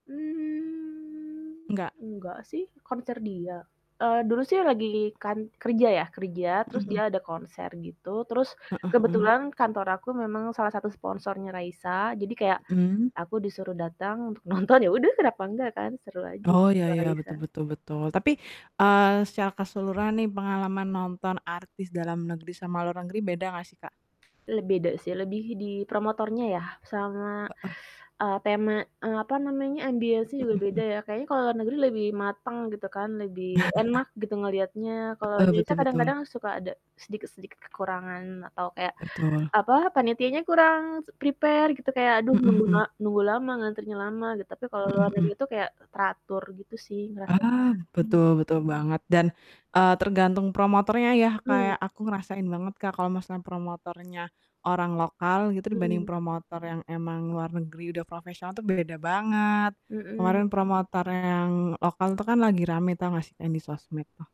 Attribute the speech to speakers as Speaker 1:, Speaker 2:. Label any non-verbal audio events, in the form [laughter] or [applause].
Speaker 1: Mmm,
Speaker 2: Enggak.
Speaker 1: enggak sih konser dia, eee, dulu sih lagi kan kerja ya kerja
Speaker 2: Mhm
Speaker 1: terus dia
Speaker 2: mhm.
Speaker 1: ada konser gitu terus,
Speaker 2: Heeh heeh.
Speaker 1: kebetulan kantor aku memang salah satu sponsornya Raisa jadi kayak,
Speaker 2: Mhm.
Speaker 1: aku disuruh datang untuk nonton, ya udah kenapa enggak kan seru aja
Speaker 2: Oh ya
Speaker 1: ketemu
Speaker 2: ya
Speaker 1: Raisa.
Speaker 2: betul betul betul tapi, eee, secara keseluruhan nih pengalaman nonton artis dalam negeri sama luar negeri beda gak sih, Kak?
Speaker 1: Le beda sih lebih di promotornya ya sama,
Speaker 2: Heeh.
Speaker 1: eee, tema apa namanya ambience-nya
Speaker 2: Mhm
Speaker 1: juga beda
Speaker 2: mhm.
Speaker 1: ya kayaknya kalau luar negeri lebih mateng gitu kan, lebih
Speaker 2: [chuckles]
Speaker 1: enak gitu ngeliatnya kalau
Speaker 2: Heeh, betul
Speaker 1: Indonesia
Speaker 2: betul.
Speaker 1: kadang-kadang suka ada sedikit-sedikit kekurangan atau kayak
Speaker 2: Betul.
Speaker 1: apa, panitianya kurang s prepare gitu kayak aduh
Speaker 2: Mhm
Speaker 1: nunggu na
Speaker 2: mhm.
Speaker 1: nunggu lama ngantrinya lama gitu, tapi kalau luar
Speaker 2: Mhm mhm.
Speaker 1: negeri itu kayak teratur gitu sih ngerasanya,
Speaker 2: Ah,
Speaker 1: mmm.
Speaker 2: betul betul banget dan, eee, tergantung promotornya ya
Speaker 1: Mmm.
Speaker 2: kayak aku ngerasain banget Kak, kalau maksudnya promotornya, orang lokal gitu dibanding
Speaker 1: Mhm.
Speaker 2: promotor yang emang luar negeri udah profesional tuh beda banget, kemarin
Speaker 1: Mhm.
Speaker 2: promotornya yang lokal itu kan lagi rame tau gak sih? Yang di sosmed tuh.